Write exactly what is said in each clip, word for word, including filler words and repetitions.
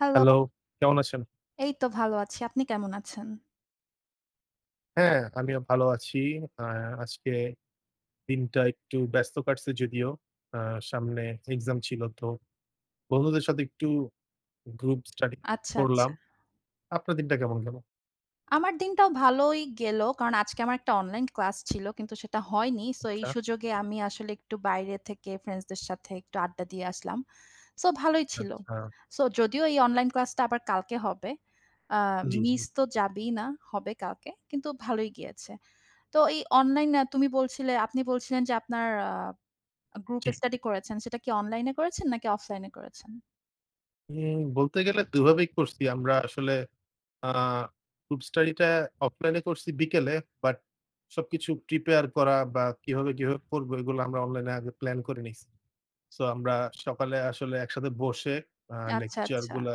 Hello. Hello, কেমন আছেন? এই তো ভালো আছি। আপনি কেমন আছেন? হ্যাঁ, আমিও ভালো আছি। অ্যা আজকে দিনটা একটু ব্যস্ত কাটছে যদিও। আ সামনে এক্সাম ছিল তো, বন্ধুদের সাথে একটু গ্রুপ স্টাডি আচ্ছা, আচ্ছা। করলাম। আপনার দিনটা কেমন গেল? আমার দিনটাও ভালই গেল। কারণ আজকে আমার একটা অনলাইন ক্লাস ছিল। কিন্তু সেটা হয়নি। সো, এই আচ্ছা। সুযোগে আমি আসলে একটু বাইরে থেকে ফ্রেন্ডসদের সাথে একটু আড্ডা দিয়ে আসলাম। সো ভালোই ছিল। আচ্ছা। সো যদিও এই অনলাইন ক্লাস টা আবার কালকে হবে। আ জ্বি, জ্বি। মিস তো যাবেই না। হবে কালকে। কিন্তু ভালোই গিয়েছে। তো এই অনলাইনে তুমি বলছিলে আপনি বলছিলেন যে আপনার আ গ্রুপ ঠিক। স্টাডি করেছেন। সেটা কি অনলাইন এ করেছেন নাকি অফলাইন এ করেছেন? উম বলতে গেলে দুই ভাবেই করছি। আমরা আসলে আ গ্রুপ স্টাডি টা অফলাইন এ করছি বিকেলে। বাট, সবকিছু প্রিপেয়ার করা বা কিভাবে কিভাবে করব এইগুলা আমরা অনলাইন এ আগে প্লান করে নিছি। সো আমরা সকালে আসলে একসাথে বসে আ আচ্ছা, লেকচার আচ্ছা। গুলা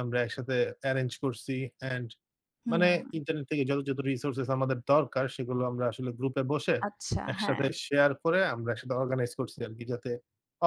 আমরা একসাথে এরেঞ্জ করছি। অ্যান্ড মানে হুম। ইন্টারনেট থেকে যত, যত রিসোর্সেস আমাদের দরকার সেগুলো আমরা আসলে গ্রুপ এ বসে, আচ্ছা, হ্যাঁ। একসাথে শেয়ার করে আমরা একসাথে অর্গানাইজ করছি আরকি। যাতে,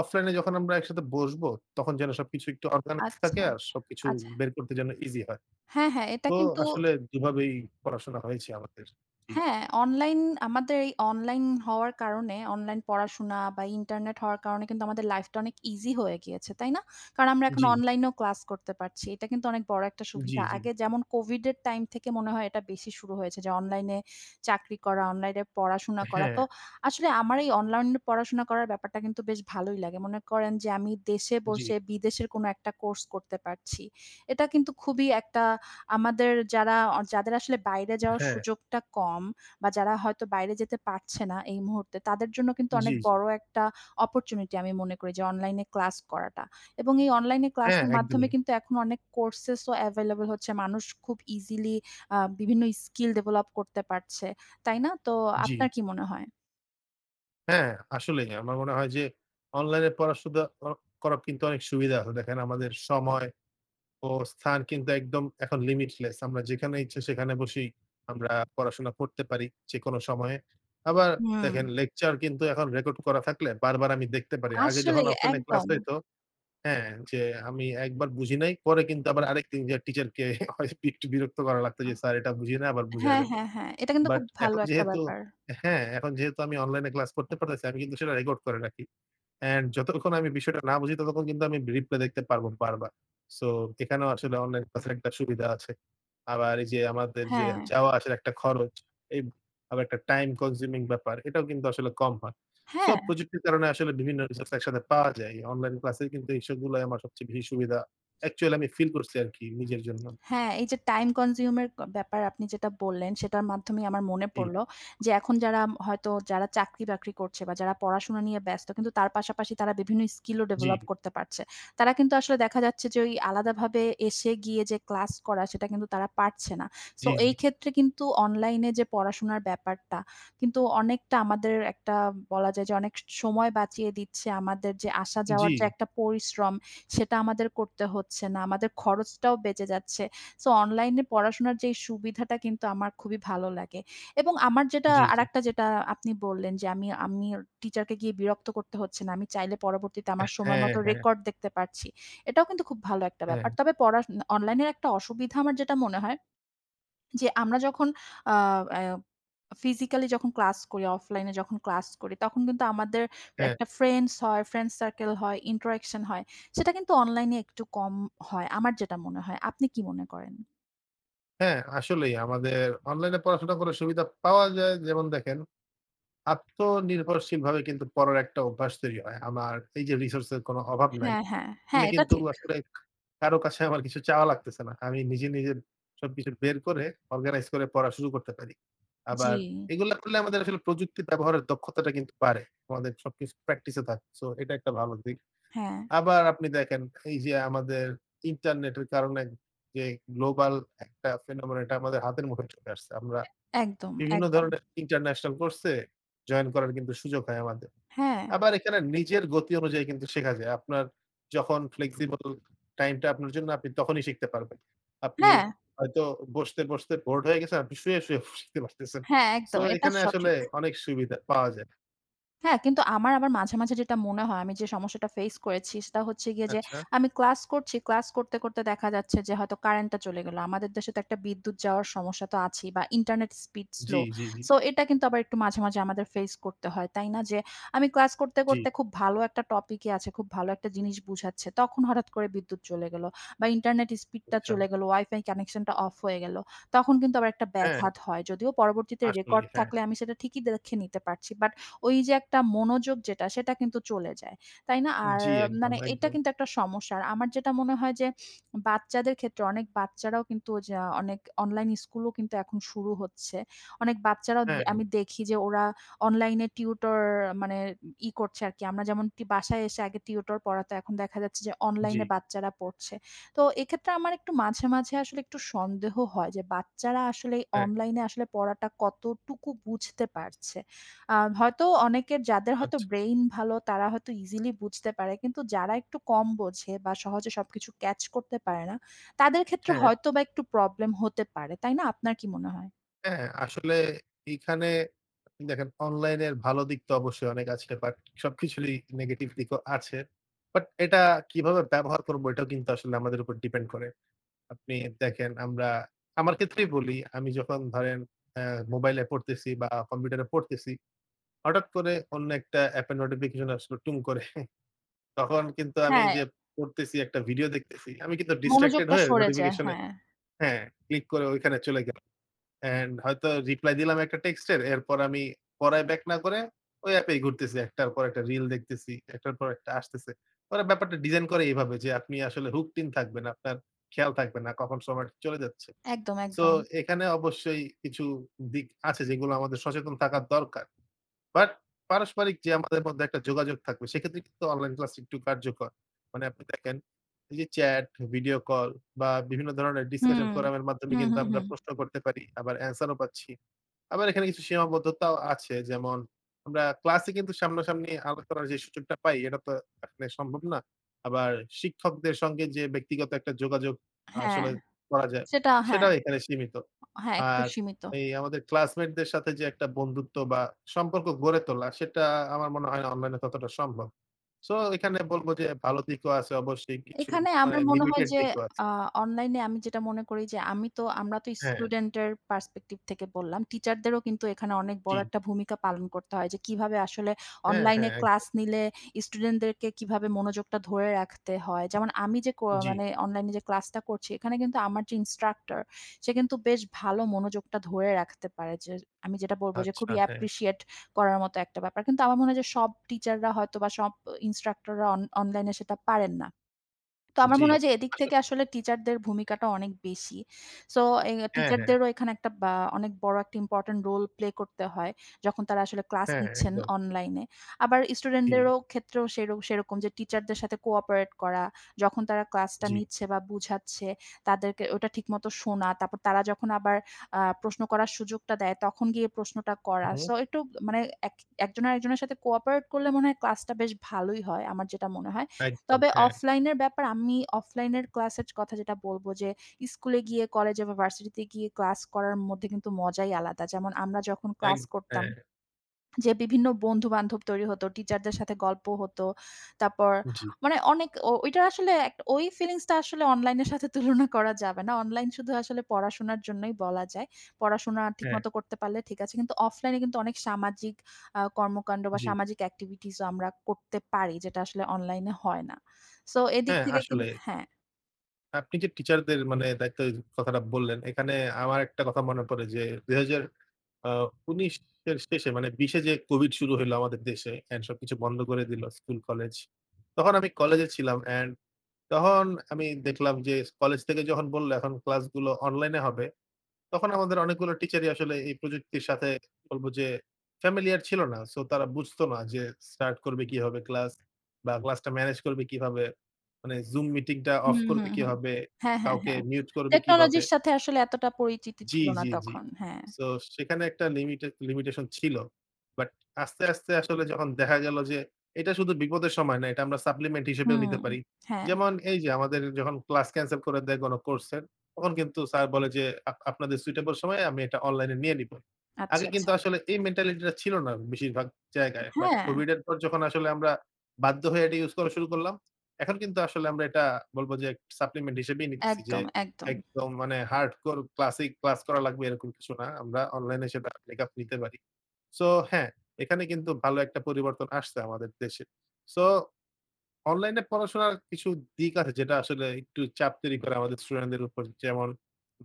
অফলাইন এ যখন আমরা একসাথে বসবো, তখন যেন সবকিছু একটু অর্গানাইজ থাকে আচ্ছা, আর সবকিছু আচ্ছা। বের করতে যেন ইজি হয়। হ্যাঁ, হ্যাঁ এটা তো কিন্তু আসলে দুভাবেই পড়াশোনা হয়েছে আমাদের। জ্বি। হ্যাঁ? অনলাইন আমাদের এই অনলাইন হওয়ার কারণে অনলাইন পড়াশোনা বা ইন্টারনেট হওয়ার কারণে কিন্তু, আমাদের লাইফ টা অনেক ইজি হয়ে গিয়েছে। তাই না? কারণ আমরা এখন জ্বি। অনলাইনেও ক্লাস করতে পারছি। এটা কিন্তু অনেক বড় একটা জ্বি, সুবিধা। জ্বি। আগে যেমন COVID এর টাইম থেকে মনে হয়, এটা বেশি শুরু হয়েছে। যে অনলাইন-এ চাকরি করা, অনলাইন-এ পড়াশোনা করা। তো, হ্যাঁ। আসলে আমার এই অনলান পড়াশোনা করার ব্যাপারটা কিন্তু বেশ ভালোই লাগে। মনে করেন যে আমি দেশে জ্বি। বসে বিদেশের কোনো একটা কোর্স করতে পারছি। এটা কিন্তু খুবই একটা আমাদের যারা অ যাদের আসলে বাইরে যাওয়ার হ্যাঁ। সুযোগটা কম বা যারা হয়তো বাইরে যেতে পারছে না এই মুহূর্তে। তাদের জন্য কিন্তু জ্বি, অনেক জ্বি। বড় একটা অপরচুনিটি আমি মনে করি যে অনলাইন ক্লাস করাটা। এবং এই অনলাইন হ্যাঁ, ক্লাসের মাধ্যমে একদমই। কিন্তু এখন অনেক কোর্সেস ও অ্যাভেইলেবল হচ্ছে। মানুষ খুব ইজিলি আ বিভিন্ন স্কিল ডেভেলপ করতে পারছে। তাই না? তো জ্বি। আপনার কি মনে হয়? হ্যাঁ আসলেই, আমার মনে হয় যে অনলাইনে পড়াশোনা ও করা কিন্তু অনেক সুবিধা হয়। দেখেন আমাদের সময় ও স্থান কিন্তু একদম এখন limitless। আমরা যেখানে ইচ্ছা সেখানে বসেই আমরা পড়াশোনা করতে পারি যেকোনো সময়ে। আবার দেখেন হুম। লেকচার কিন্তু এখন রেকর্ড করা থাকলে বারবার আমি দেখতে পারি। আগে যখন আসলেই, অফলাইনে ক্লাস একদম। হইতো হ্যাঁ যে আমি একবার বুঝি নাই পরে কিন্তু আবার আরেকদিন যায়া টিচারকে ক একটু বিরক্ত করা লাগতো আ যে "স্যার এটা বুঝি নাই আবার বুঝায় হ্যাঁ, দেন।" হ্যাঁ, হ্যাঁ। এটা কিন্তু বাট খুব ভালো এখন একটা যেহেতু ব্যাপার। হ্যাঁ এখন যেহেতু আমি অনলাইনে ক্লাস করতে পারতেছি আমি কিন্তু সেটা রেকর্ড করে রাখি। অ্যান্ড যতক্ষণ আমি বিষয়টা না বুঝি ততক্ষণ কিন্তু আমি রিপ্লে দেখতে পারবো বারবার। সো এখানেও আসলে অনলাইন ক্লাস এর একটা সুবিধা আছে। আবার এই যে আমাদের যে হ্যাঁ। যাওয়া আসার একটা খরচ, এই আবার একটা টাইম কনজিউমিং ব্যাপার, এটাও কিন্তু আসলে কম হয়। সো হ্যাঁ। প্রযুক্তির কারণে আসলে বিভিন্ন রিসোর্স একসাথে পাওয়া যায়। অনলাইন ক্লাসের কিন্তু এইসবগুলায় আমার সবচেয়ে বেশি সুবিধা অ্যাকচুয়ালি আমি ফিল করছি আরকি নিজের জন্য। হ্যাঁ, এই যে টাইম কনজিউমের ক ব্যাপার আপনি যেটা বললেন সেটার মাধ্যমেই আমার মনে জ্বি। পড়ল যে এখন যারা হয়তো যারা চাকরি বাকরি করছে বা যারা পড়াশোনা নিয়ে ব্যস্ত কিন্তু তার পাশাপাশি তারা বিভিন্ন স্কিলও জ্বি। ডেভেলপ করতে পারছে। তারা কিন্তু আসলে দেখা যাচ্ছে যে ওই আলাদাভাবে এসে গিয়ে যে ক্লাস করা সেটা কিন্তু তারা পারছে না। সো জ্বী, এই জ্বী। ক্ষেত্রে কিন্তু অনলাইনে যে পড়াশোনার ব্যাপারটা কিন্তু অনেকটা আমাদের একটা বলা যায় যে অনেক স সময় বাঁচিয়ে দিচ্ছে। আমাদের যে আসা যাওয়ার জ্বি। যে একটা পরিশ্রম সেটা আমাদের করতে হচ্ছে না। আমাদের খরচটাও বেঁচে যাচ্ছে। সো অনলাইনে পড়াশোনার যেই সুবিধাটা কিন্তু আমার খুবই ভালো লাগে। এবং আমার যেটা জ্বী, জ্বী। আরেকটা যেটা আপনি বললেন যে "আমি আমি টিচারকে গিয়ে বিরক্ত করতে হচ্ছে না। আমি চাইলে পরবর্তীতে অ্যাঁ আমার হ্যাঁ, সময়মত হ্যাঁ। রেকর্ড দেখতে পাচ্ছি।" এটাও কিন্তু খুব ভালো একটা ব্যাপার। হ্যাঁ। তবে পড়ার ন অনলাইনের একটা অসুবিধা আমার যেটা মনে হয়। যে আমরা যখন আ আ ফিজিক্যালি যখন ক্লাস করি, অফলাাইন যখন ক্লাস করি তখন কিন্তু আমাদের এ হ্যাঁ। একটা ফ্রেন্ডস হয়, ফ্রেন্ডস সার্কেল হয়, ইন্টারেকশন হয়। সেটা কিন্তু অনলাইনে একটু কম হয়। আমার যেটা মনে হয়। আপনি কি মনে করেন? হ্যাঁ, আসলেই আমাদের অনলাইনে পড়াশোনা করার সুবিধা পাওয়া যায় যেমন দেখেন, আত্মনির্ভরশীলভাবে কিন্তু পড়ার একটা অভ্যাস তৈরি হয়। আমার এইযে রিসোর্সের কোনো অভাব নাই। হ্যাঁ, হ্যাঁ, আমি হ্যাঁ, এটা কিন্তু ঠিক। আসলে কারো কাছে আমার কিছু চাওয়া লাগতেছে না। আমি নিজে, নিজে সবকিছু বের করে অর্গানাইজ করে পড়া শুরু করতে পারি। জি। আবার এগুলো করলে আমাদের আসলে প্রযুক্তি ব্যবহারের দক্ষতাটা কিন্তু বাড়ে। আমাদের সবকিছু প্র্যাকটিসে থাকে। সো এটা একটা ভালো দিক। হ্যাঁ। আবার আপনি দেখেন এইযে আমাদের ইন্টারনেটের কারণে যে গ্লোবাল একটা phenomenon এটা আমাদের হাতের মুখে চলে আসছে। আমরা অ্যা একদম, বিভিন্ন একদম। ধরনের ইন্টারন্যাশনাল কোর্সে জয়েন করার সুযোগ হয় আমাদের। হ্যাঁ। আবার এখানে নিজের গতি অনুযায়ী কিন্তু শেখা যায়। আপনার যখন ফ্লেক্সিবল টাইমটা আপনার জন্য আপনি তখনই শিখতে পারবেন। আপনি হ্যাঁ। হয়তো বসতে, বসতে বোরেড হয়ে গেছেন আপনি শুয়ে, শুয়ে ফু শিখতে পারতেছেন। হ্যাঁ, সো একদম, এটা এখানে আসলে সঠিক। অনেক সুবিধা পাওয়া যায়। হ্যাঁ, কিন্তু আমার আবার মাঝে, মাঝে যেটা মনে হয় আমি যে সমস্যাটা ফেস করেছি সেটা হচ্ছে গিয়ে যে, আচ্ছা। আমি ক্লাস করছি, ক্লাস করতে, করতে দেখা যাচ্ছে যে হয়তো কারেন্টটা চলে গেলো। আমাদের দেশে তো একটা বিদ্যুৎ যাওয়ার সমস্যা তো আছেই বা ইন্টারনেট স্পিড জি, স্লো। জি, জি। সো এটা কিন্তু আবার একটু মাঝে, মাঝে আমাদের ফেস করতে হয়, তাই না? যে আমি ক্লাস করতে, জি। করতে খুব ভালো একটা টপিকে আছে, খুব ভালো একটা জিনিস বুঝাচ্ছে, তখন হঠাৎ করে বিদ্যুৎ চলে গেলো বা ইন্টারনেট স্পিডটা আচ্ছা। চলে গেলো, WiFi কানেকশনটা অফ হয়ে গেলো, তখন কিন্তু আবার একটা হ্যাঁ। ব্যাঘাত হয়। যদিও পরবর্তীতে আসলে, রেকর্ড হ্যাঁ। থাকলে আমি সেটা ঠিকই দ্যেখে নিতে পারছি, বাট ওইযে একটা মনোযোগ যেটা, সেটা কিন্তু চলে যায়, তাই না? আর জি, একদম, মানে এটা একদম। কিন্তু একটা সমস্যা। আর আমার যেটা মনে হয় যে বাচ্চাদের ক্ষেত্রে, অনেক বাচ্চারাও কিন্তু ওই যা অনেক অনলাইন স্কুলও কিন্তু এখন শুরু হচ্ছে। অনেক বাচ্চারা দ হ্যাঁ। আমি দেখি যে ওরা অনলাইন টিউটর মানে ই করছে আরকি। আমরা যেমন টি বাসায় এসে আগে টিউটর পড়াতো, এখন দেখা যাচ্ছে যে অনলাইনে জি। বাচ্চারা পড়ছে। তো এক্ষেত্রে আমার একটু মাঝে, মাঝে আসলে একটু সন্দেহ হয় যে, বাচ্চারা আসলে হ্যাঁ। অনলাইন সবকিছু আচ্ছা। ক্যাচ করতে পারে না, তাদের ক্ষেত্রে হ্যাঁ। হয়তোবা একটু প্রবলেম হতে পারে, তাই না? আপনার কি মনে হয়? হ্যাঁ আসলে এখানে দেখেন অনলাইনের ভালো দিক তো অবশ্যই অনেক আছে বাট সবকিছুরই নেগেটিভ দিকও আছে। বাট এটা কিভাবে ব্যবহার করবো এটাও কিন্তু আসলে আমাদের উপর ডিপেন্ড করে। আপনি দেখেন আমরা আমার ক্ষেত্রেই বলি। আমি যখন ধরেন আ মোবাইলে পড়তেছি বা কম্পিউটারে পড়তেছি, হঠাৎ করে অন্য একটা এপের নোটিফিকেশন আসল টুং করে। তখন কিন্তু আমি হ্যাঁ। যে পড়তেছি একটা ভিডিও দেখতেছি, আমি কিন্তু distracted মনোযোগটা হয়ে সরে যায়। নোটিফিকেশনে হ্যাঁ। হ্যাঁ, ক্লিক করে ঐখানে চলে গেলো। অ্যান্ড হয়তো রিপ্লাই দিলাম একটা টেক্সটের এরপর আমি পড়ায় ব্যাক না করে ওই এপে এই ঘুরতেছি। একটার পর একটা রিল দেখতেছি, একটার পর একটা আসতেছে। ওরা ব্যাপারটা ডিজাইন করে এভাবে যে আপনি আসলে hooked in থাকবেন, আপনার খেয়াল থাকবে না কখন সময়টা চলে যাচ্ছে। একদম, সো একদম। এখানে অবশ্যই কিছু দিক আছে যেগুলো আমাদের সচেতন থাকার দরকার। বাট পারস্পরিক যে আমাদের মধ্যে একটা যোগাযোগ থাকবে সেক্ষেত্রে কিন্তু অনলাইন ক্লাস একটু কার্যকর। মানে আপনি দেখেন এই যে চ্যাট, ভিডিও কল বা বিভিন্ন ধরনের হুম। ডিসকাশন ফোরাম এর মাধ্যমে হুম, কিন্তু হুম, আমরা হুম। প্রশ্ন করতে পারি। আবার আনসারও পাচ্ছি। আবার এখানে কিছু সীমাবদ্ধতাও আছে। যেমন আমরা ক্লাসে কিন্তু সামনাসামনি আলাপ করার যে সুযোগটা পাই এটা তো এখানে সম্ভব না। আবার শিক্ষকদের সঙ্গে যে ব্যক্তিগত একটা যোগাযোগ হ্যাঁ। আসলে করা যায়, সেটা হ্যাঁ। সেটাও এখানে সীমিত। হ্যাঁ একটু আর সীমিত। এই আমাদের ক্লাসমেটদের সাথে যে একটা বন্ধুত্ব বা সম্পর্ক গড়ে তোলা সেটা আমার মনে হয় না অনলাইনে ততটা সম্ভব। সো এখানে বলবো যে ভালো দিকও আছে অবশ্যই কিছু এখানে মানে আমার মনে হয় লিমিটেড যে, দিকও আছে। আ অনলাইনে আমি যেটা মনে করি যে আমি তো আমরা তো হ্যাঁ। স্টুডেন্টের পার্সপেক্টিভ থেকে বললাম। টিচারদেরও কিন্তু এখানে অনেক বড় জি। একটা ভূমিকা পালন করতে হয় যে কিভাবে আসলে হ্যাঁ, হ্যাঁ। অনলাইনে ক্লাস একদম। নিলে স্টুডেন্টদেরকে কিভাবে মনোযোগটা ধরে রাখতে হয়। যেমন আমি যে কো জ্বি। মানে অনলাইনে যে ক্লাসটা করছি এখানে কিন্তু আমার যে ইন্সট্রাক্টর সে কিন্তু বেশ ভালো মনোযোগটা ধরে রাখতে পারে। যে আমি যেটা বলবো যে আচ্ছা। খুবই হ্যাঁ। অ্যাপ্রিশিয়েট করার মতো একটা ব্যাপার। কিন্তু আমার মনে হয় যে সব টিচাররা হয়তো বা সব অ ইন্সট্রাক্টররা অন অনলাইনেে সেটা পারেন না। তো আমার জ্বি। মনে হয় যে এদিক আস থেকে আসলে টিচারদের ভূমিকাটা অনেক বেশি। সো এ হ্যাঁ, হ্যাঁ। টিচারদেরও এখানে একটা বা অনেক বড় একটা ইম্পোর্টেন্ট রোল প্লে করতে হয়। যখন তারা আসলে ক্লাস হ্যাঁ, নিচ্ছেন একদম। অনলাইনে। আবার জি। স্টুডেন্টদেরও ক্ষেত্রেও সের সেরকম যে টিচারদের সাথে কো-অপারেট করা। যখন তারা ক্লাসটা জ্বি। নিচ্ছে বা বুঝাচ্ছে তাদেরকে ওটা ঠিকমত শোনা। তারপর তারা যখন আবার আ প্রশ্ন করার সুযোগটা দেয়, তখন গিয়ে প্রশ্নটা করা। হুম। সো একটু মানে এক একজন আরেকজনের সাথে কো-অপারেট করলে মনে হয় ক্লাসটা বেশ ভালোই হয়। আমার যেটা মনে হয়। একদম। তবে হ্যাঁ। অফলাইনের ব্যাপার আমি অফলাইনের ক্লাসের কথা যেটা বলবো যে স্কুলে গিয়ে কলেজে বা ভার্সিটিতে গিয়ে ক্লাস করার মধ্যে কিন্তু মজাই আলাদা। যেমন আমরা যখন এগ ক্লাস করতাম, হ্যাঁ। যে বিভিন্ন বন্ধু-বান্ধব তৈরি হত, টিচারদের সাথে গল্প হতো। তারপর জ্বী। মানে অনেক ও ওইটার আসলে এক ওই ফিলিংসটা আসলে অনলাইনের সাথে তুলনা করা যাবে না। অনলাইন শুধু আসলে পড়াশোনার জন্যই বলা যায়। পড়াশোনা ঠিকমত হ্যাঁ করতে পারলে ঠিক আছে। কিন্তু অফলাইনে কিন্তু অনেক সামাজিক আ কর্মকাণ্ড বা জ্বি। সামাজিক এক্টিভিটিসও আমরা করতে পারি যেটা আসলে অনলাইনে হয় না। সো এদিক হ্যাঁ, থেকে আসলে। কিন্তু হ্যাঁ। আপনি যে টিচারদের মানে দায়িত্বের কথাটা বললেন, এখানে আমার একটা কথা মনে পড়ে যে, দুই হাজার আ উনিশ এর শেষে, মানে বিশ এ যে কোভিড শুরু হইল আমাদের দেশে, অ্যান্ড সবকিছু বন্ধ করে দিলো স্কুল কলেজ। তখন আমি কলেজে ছিলাম। অ্যান্ড তখন আমি দেখলাম যে, কলেজ থেকে যখন বলল এখন ক্লাসগুলো অনলাইনে হবে, তখন আমাদের অনেকগুলো টিচারই আসলে এই প্রযুক্তির সাথে, বলব যে ফ্যামিলিয়ার ছিল না। সো তারা বুঝত না যে, স্টার্ট করবে কিভাবে ক্লাস, বা ক্লাসটা ম্যানেজ করবে কিভাবে। মানে জুম মিটিং টা অফ হুম, হুম, করবে হুম। কিভাবে, হ্যাঁ, হ্যাঁ, কাউকে হ্যাঁ। মিউট করবে কিভাবে? টেকনোলজির সাথে আসলে এতটা পরিচিতি জি, ছিল না জি, জি। তখন। হ্যাঁ। সো সেখানে একটা লিমিটে লিমিটেশন ছিল। বাট আস্তে, আস্তে আসলে যখন দেখা গেল যে, এটা শুধু বিপদের সময় না, এটা আমরা সাপ্লিমেন্ট হিসেবেও হুম, নিতে পারি। হ্যাঁ। যেমন এই যে, আমাদের যখন ক্লাস ক্যানসেল করে দেয় কোন কোর্স এর, তখন কিন্তু স্যার বলে যে, আপ আপনাদের সুইটেবল সময়ে আমি এটা অনলাইন এ নিয়ে নিবো। আচ্ছা, আগে কিন্তু আচ্ছা। আসলে এই মেন্টালিটিটা ছিল না বেশিরভাগ জায়গায়। বাট হ্যাঁ। কোভিড এর পর যখন আসলে আমরা বাধ্য হয়ে এটা ইউজ করা শুরু করলাম, এখন কিন্তু আসলে আমরা এটা বলবো যে, সাপ্লিমেন্ট হিসেবেই নিতেছি যে, একদম, একদম। একদম মানে হার্ডকোর ক্লাসিক ক্লাস করা লাগবে, এরকম কিছু না। আমরা অনলাইনে সেটা ব্যাকআপ নিতে পারি। সো হ্যাঁ, এখানে কিন্তু ভালো একটা পরিবর্তন আসছে আমাদের দেশে। সো অনলাইন এ পড়াশোনার কিছু দিক আছে, যেটা আসলে একটু চাপ তৈরি করে আমাদের স্টুডেন্ট দের উপর। যেমন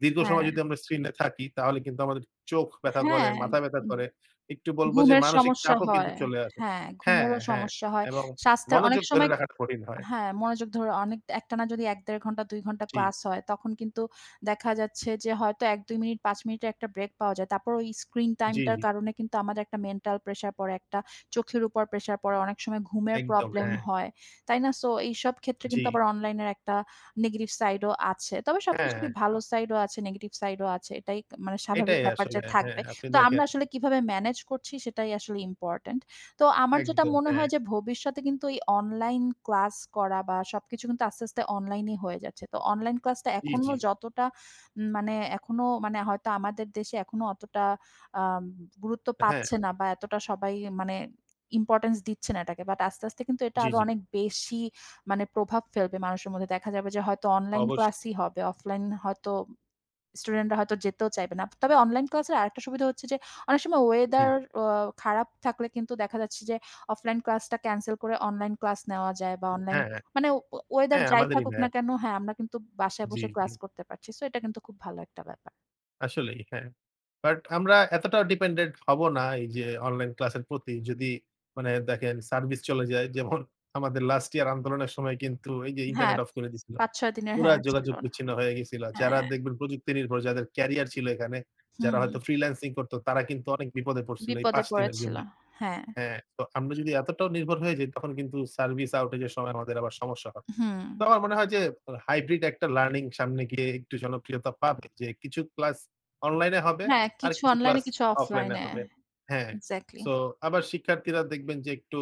দীর্ঘ সময় হ্যাঁ। যদি আমরা স্ক্রিন এ থাকি, তাহলে কিন্তু আমাদের চোখ ব্যাথা করে, হ্যাঁ, মাথা ব্যাথা উম করে। একটু বলব যে ঘুমের মানসিক সমস্যা চাপও কিন্তু হয়। চলে আসে। হ্যাঁ, হ্যাঁ, ঘুমেরও হ্যাঁ। সমস্যা হয়। এবং স্বাস্থ্যের অনেক মনোযোগ ধরে সময় রাখাটা কঠিন হয়। হ্যাঁ, মনোযোগ ধরো অনেক একটানা যদি এক, দেড় ঘন্টা, দুই ঘণ্টা জি। ক্লাস হয়, তখন কিন্তু দেখা যাচ্ছে যে, হয়তো এক-দুই মিনিট, পাঁচ মিনিটের একটা ব্রেক পাওয়া যায়। তারপর ওই স্ক্রিন টাইম জি, টার জি। কারণে কিন্তু আমাদের একটা মেন্টাল প্রেশার পড়ে, একটা চোখের উপর প্রেশার পড়ে। অনেক সময় ঘুমের একদম, প্রবলেম হ্যাঁ। হয়। তাই না? সো এইসব ক্ষেত্রে জি। কিন্তু আবার অনলাইনের একটা নেগেটিভ সাইডও আছে। তবে হ্যাঁ, সবকিছুরই হ্যাঁ। ভালো [unintelligible] সাইডও আছে, নেগেটিভ সাইডও আছে। এটাই ত মানে স্বাভাবিক এটাই ব্যাপার আসলে। যে হ্যাঁ, থাকবে। আপনি তো আমরা দেখেন আসলে কিভাবে ম্যানেজ করছি, সেটাই আসলে ইম্পোর্টেন্ট। তো আমার যেটা একদম। মনে হয় হ্যাঁ। যে, ভবিষ্যতে কিন্তু এই অনলাইন ক্লাস করা, বা সবকিছু কিন্তু আস্তে, আস্তে অনলাইনেই হয়ে যাচ্ছে। তো অনলাইন ক্লাসটা জি, জি। এখনো যতটা উম মানে এখনো মানে হয়তো আমাদের দেশে এখনো অতটা আম গুরুত্ব হ্যাঁ। পাচ্ছে না, বা এতটা সবাই মানে ইম্পোর্টেন্স দিচ্ছে না এটাকে। বাট আস্তে, আস্তে কিন্তু এটা জি, আরো জি। অনেক বেশি মানে প্রভাব ফেলবে মানুষের মধ্যে। দেখা যাবে যে, হয়তো অনলাইন অবশ্য ক্লাসই হবে। অফলাইন হয়তো স্টুডেন্ট রা হয়তো যেতেও চাইবে না। ত তবে অনলাইন ক্লাসের আরেকটা সুবিধা হচ্ছে যে, অনেক সময় জি। ওয়েদার অ খারাপ থাকলে কিন্তু দেখা যাচ্ছে যে, অফলাইন ক্লাসটা ক্যানসেল করে অনলাইন ক্লাস নেওয়া যায়। বা অনলাইন হ্যাঁ, হ্যাঁ। মানে ও ওয়েদার হ্যাঁ, যাই আমাদেরই থাকুক নেয়। না কেন, হ্যাঁ, আমরা কিন্তু বাসায় জি, বসে জি। ক্লাস করতে পারছি। সো এটা কিন্তু খুব ভালো একটা ব্যাপার। আসলেই হ্যাঁ। বাট আমরা এতটাও ডিপেন্ডেন্ট হব না এই যে অনলাইন ক্লাসের প্রতি যদি মানে দেখেন সার্ভিস চলে যায় যেমন আমাদের লাস্ট ইয়ার আন্দোলনের সময় কিন্তু এই যে হ্যাঁ। ইন্টারনেট অফ করে দিয়েছিল। পাঁচ-ছয় দিনের পুরা হ্যাঁ ছিল যোগাযোগ না। বিচ্ছিন্ন হয়ে গিয়েছিল। হ্যাঁ যারা দেখবেন প্রযুক্তি নির্ভর যাদের ক্যারিয়ার ছিল এখানে যারা হয়তো হুম। ফ্রিল্যান্সিং করতো তারা কিন্তু অনেক বিপদে পড়ছিল, এই বিপদে পাঁচ দিনের পড়েছিল। জন্য। হ্যাঁ। হ্যাঁ তো আমরা যদি এতটাও নির্ভর হয়ে যাই তখন কিন্তু সার্ভিস আউটেজ এর সময় আমাদের আবার সমস্যা হয়। তো হুম। আমার মনে হয় যে হাইব্রিড একটা লার্নিং সামনে গিয়ে একটু জনপ্রিয়তা পাবে যে কিছু ক্লাস অনলাইন এ হবে হ্যাঁ আর কিছু কিছু অনলাইন এ ক্লাস কিছু অফলাইন অফলাইন এ এ হবে। হ্যাঁ। এক্সাক্টলি। সো আবার শিক্ষার্থীরা দেখবেন যে একটু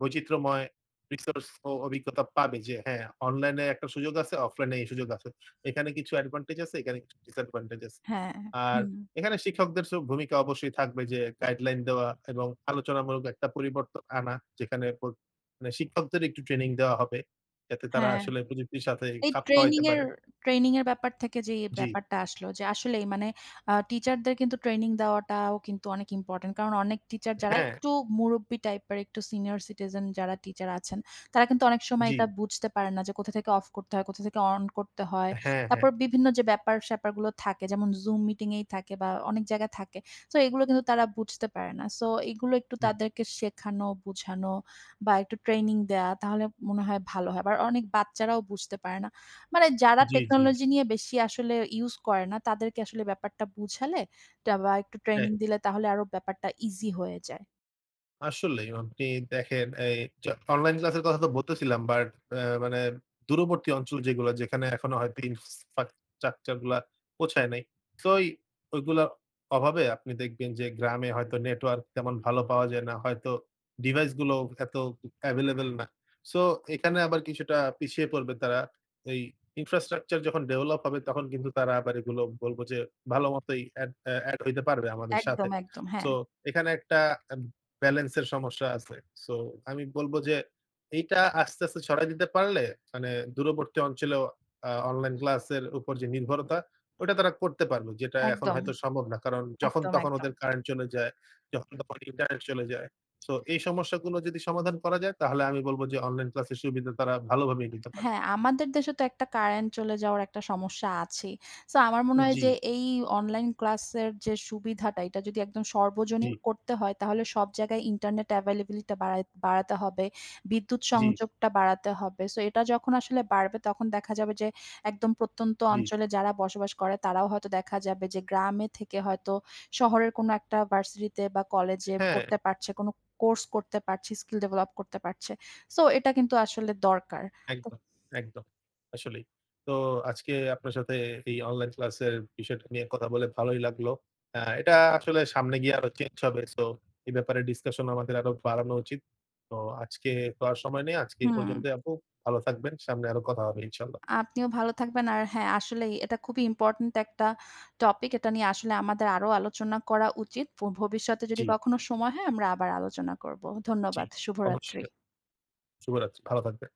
বৈচিত্র্যময় রিসোর্স ও অভিজ্ঞতা পাবে যে হ্যাঁ অনলাইন এ একটা সুযোগ আছে, অফলাইন এই সুযোগ আছে। এখানে কিছু অ্যাডভান্টেজ আছে, এখানে কিছু ডিস্যাডভান্টেজ আছে। হ্যাঁ আর হুম। এখানে শিক্ষকদের চেয়েও ভূমিকা অবশ্যই থাকবে যে গাইডলাইন দেওয়া এবং আলোচনামূলক একটা পরিবর্তন আনা যেখানে প মানে শিক্ষকদের একটু ট্রেনিং দেওয়া হবে। যাতে তারা হ্যাঁ। আসলে প্রযুক্তির সাথে এই খাপ ট্রেনিং খাওয়াইতে এর পারে। ট্রেনিং এর ব্যাপার থেকে যেই জ্বি। ব্যাপারটা আসলো যে আসলেই মানে আ টিচারদের কিন্তু ট্রেনিং দেওয়াটাও কিন্তু অনেক ইম্পোর্টেন্ট কারণ অনেক টিচার যারা হ্যাঁ। একটু মুরুব্বি টাইপের একটু সিনিয়র সিটিজেন যারা টিচার আছেন, তারা কিন্তু অনেক সময় জ্বি। এটা বুঝতে পারেন না যে কোথা থেকে অফ করতে হয়, অন করতে হয়। হ্যাঁ, হ্যাঁ। তারপর বিভিন্ন যে ব্যাপার-স্যাপার গুলো থাকে যেমন Zoom মিটিং এই থাকে বা অনেক জায়গায় থাকে। সো এইগুলো কিন্তু তারা বুঝতে পারে না। সো এইগুলো একটু হুম। তাদেরকে শেখানো, বুঝানো বা একটু ট্রেনিং দেয়া তাহলে মনে হয় ভালো হয়। আবার অনেক বাচ্চারাও বুঝতে পারে না। মানে যারা জ্বী, জ্বী। টেকনোলজি নিয়ে বেশি আসলে use করে না তাদেরকে আসলে ব্যাপারটা বুঝালে একটা বা একটু হ্যাঁ। ট্রেনিং দিলে তাহলে আরো ব্যাপারটা ইজি হয়ে যায়। আসলেই আপনি দেখেন এই অনলাইন ক্লাস এর কথা তো বলতেছিলাম বাট আ মানে দূরবর্তী অঞ্চল যেগুলো যেখানে এখনো হয়তো ইনফ্রাস্ট্রাকচার গুলো পৌঁছায় নাই। সো ঐগুলো অভাবে আপনি দেখবেন যে গ্রামে হয়তো নেটওয়র্ক কেমন ভালো পাওয়া যায় না। হয়তো ডিভাইস গুলো এত এভেইলেবল না। সো এখানে আবার কিছুটা পিছিয়ে পড়বে তারা। এই ইনফ্রাস্ট্রাকচার যখন ডেভেলপ হবে তখন কিন্তু তারা আবার এগুলো বলবো যে ভালোমতোই এ অ্যা এড হতে পারবে আমাদের সাথে। একদম, একদম, সো হ্যাঁ। এখানে একটা বেলেন্স এর সমস্যা আছে। সো আমি বলব যে এইটা আস্তে আস্তে ছড়ায় দিতে পারলে মানে দূরবর্তী অঞ্চলেও আ অনলাইন ক্লাস এর উপর যে নির্ভরতাটা তারা করতে পারবে। যেটা এখন একদম। হয়তো সম্ভব না। কারণ যখন একদম, তখন ওদের একদম। কারেন্ট চলে যায়, যখন তখন ইন্টারনেট চলে যায়। সো এই সমস্যাগুলো যদি সমাধান করা যায়, তাহলে আমি বলব যে অনলাইন ক্লাস এর সুবিধা তারা ভালোভাবে নিতে পারবে। হ্যাঁ, আমাদের দেশে তো একটা কারেন্ট চলে যাওয়ার একটা সমস্যা আছেই। সো আমার মনে হয় যে জি। এই অনলাইন ক্লাস এর যে সুবিধাটা এটা যদি একদম সর্বজনীন জি। করতে হয় তাহলে সব জায়গায় ইন্টারনেট এভেইলেবিলিটি টা বাড়াই বাড়াতে হবে। বিদ্যুৎ জি। সংযোগটা বাড়াতে হবে। সো এটা যখন আসলে বাড়বে তখন দেখা যাবে যে একদম প্রত্যন্ত জি। অঞ্চলে যারা বসবাস করে তারাও হয়তো দেখা যাবে যে গ্রামে থেকে হয়তো শহরের কোন একটা ভার্সিটিতে বা কলেজে হ্যাঁ। পড়তে পারছে, কোন কোর্স করতে পারছে, স্কিল ডেভেলপ করতে পারছে। সো এটা কিন্তু আসলে দরকার। একদম একদম আসলেই। তো আজকে, আপনার সাথে এই অনলাইন ক্লাস এর বিষয়টা নিয়ে কথা বলে ভালোই লাগলো। আ এটা আসলে সামনে গিয়ে আরো চেঞ্জ হবে। সো এ ব্যাপারে ডিসকাশন আমাদের আরো বাড়ানো উচিত। তো আজকে তো আর সময় নেই। আজকে হুম। পর্যন্ত আপু ভালো থাকবেন। সামনে আরো কথা হবে ইনশাআল্লাহ। আপনিও ভালো থাকবেন। আর হ্যাঁ, আসলেই এটা খুবই ইম্পোর্টেন্ট একট টপিক। এটা নিয়ে আসলে আমাদের আরো আলোচনা করা উচিত। ভবিষ্যতে যদি জি। কখনো সময় হয় আমরা আবার আলোচনা করব। জি, ধন্যবাদ। শুভরাত্রি। অবশ্যই। শুভ রাত্রি। ভালো থাকবেন।